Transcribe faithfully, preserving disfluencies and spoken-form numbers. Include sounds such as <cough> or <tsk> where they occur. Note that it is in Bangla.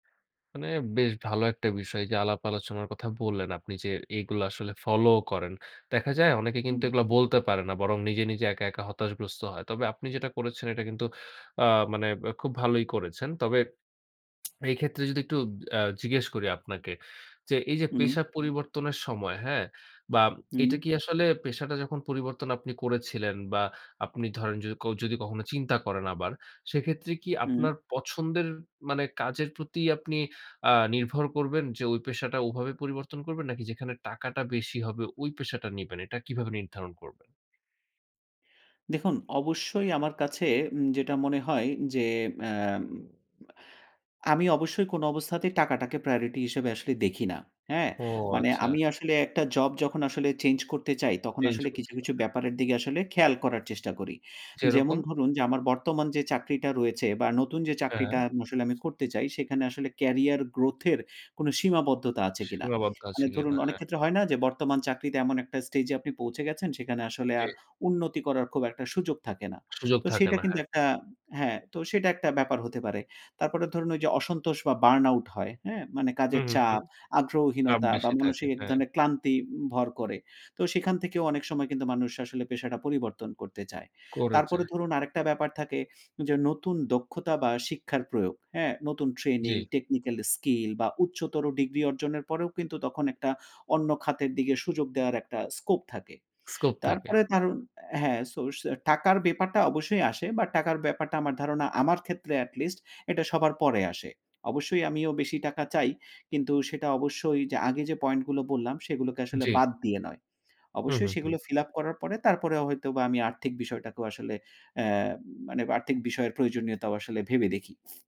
মানে বেশ ভালো একটা বিষয় এইযে আলাপ আলোচনার কথা বললেন আপনি যে, এইগুলা আসলে ফলোও করেন। দেখা যায় অনেকে হুম। কিন্তু এগুলা বলতে পারে না। বরং নিজে, নিজে একা, একা হতাশগ্রস্ত হয়। তবে আপনি যেটা করেছেন এটা কিন্তু আ মানে ব্যা খুব ভালোই করেছেন। তবে <tsk> এইক্ষেত্রে যদি একটু আ জিজ্ঞেস করি আপনাকে। যে এইযে উম। পেশা পরিবর্তনের সময়, হ্যাঁ? বা এটা উম। কি আসলে পেশাটা যখন পরিবর্তন আপনি করেছিলেন বা আপনি ধরেন যদি ক যদি কখনো চিন্তা করেন আবার, সেক্ষেত্রে কি আপনার উম। পছন্দের মানে কাজের প্রতি আপনি আ নির্ভর করবেন? যে ওই পেশাটা ওভাবে পরিবর্তন করবেন নাকি যেখানে টাকাটা বেশি হবে ওই পেশাটা নিবেন? এটা কিভাবে নির্ধারণ করবেন? দেখুন অবশ্যই আমার কাছে উম যেটা মনে হয় যে মেম আমি অবশ্যই কোন অবস্থাতেই টাকাটাকে priority হিসেবে আসলে দেখি না। হ্যাঁ? ও, মানে আচ্ছা। আমি আসলে একটা জব যখন আসলে চেঞ্জ করতে চাই, তখন চেঞ্জ আসলে করতে কিছু, চান কিছু না। ব্যাপারের দিকে আসলে খেয়াল করার চেষ্টা করি। যেমন যেরকম? ধরুন, যে আমার বর্তমান যে চাকরিটা রয়েছে বা নতুন যে চাকরিটা হ্যাঁ। মুসলে আমি করতে চাই সেখানে আসলে career growth এর কোনো সীমাবদ্ধতা আছে কিনা। সীমাবদ্ধ আছে মানে ধরুন, কিনা? হ্যাঁ। অনেকক্ষেত্রে হয়তো যে বর্তমান চাকরিতে এমন একটা stage এ আপনি পৌঁছে গেছেন সেখানে আসলে জ্বী। আর উন্নতি করার খুব একটা সুযোগ থাকে না। সুযোগ তো থাকে সেটা না, কিন্তু হ্যাঁ। একটা হ্যাঁ, তো সেটা একটা ব্যাপার হতে পারে। তারপরে ধরুন ওইযে অসন্তোষ বা burn out হয় হ্যাঁ মানে হুম, কাজের হুম, হুম, চাপ, চাপ আগ্রহহীনতা বা বেশি থাকে। মনসিক এক হ্যাঁ। ধরনের ক্লান্তি উ ভর করে। তো সেখান থেকেও অনেক সময় কিন্তু মানুষ আসলে পেশাটা পরিবর্তন করতে চায়। করে তারপরে যায়। ধরুন আরেকটা ব্যাপার থাকে, যে নতুন দক্ষতা বা শিক্ষার প্রয়োগ। হ্যাঁ? নতুন ট্রেনিং, জ্বী। technical skill বা উচ্চতর ডিগ্রি অর্জনের পরেও কিন্তু তখন একটা অন্য খাতের দিকে সুযোগ দেওয়ার একটা scope থাকে। Scope <smacks lips> থাকে। তারপরে কারন হ্যাঁ, source আ হ্যাঁ, টাকার ব্যাপারটা অবশ্যই আসে বা টাকার ব্যাপারটা আমার ধারণা আমার ক্ষেত্রে atleast এটা সবার পরে আসে। অবশ্যই আমিও বেশি টাকা চাই। কিন্তু সেটা অবশ্যই যে আগে যে পয়েন্টগুলো বললাম সেগুলোকে আসলে জ্বী। বাদ দিয়ে নয়। হু, অবশ্যই হু, হু। সেগুলো fill up করার পরে তারপরেও হয়তোবা আমি আর্থিক বিষয়টাকেও আসলে অ্যা মানে আর্থিক বিষয়ের প্রয়োজনীয়তাও আসলে ভেবে দেখি।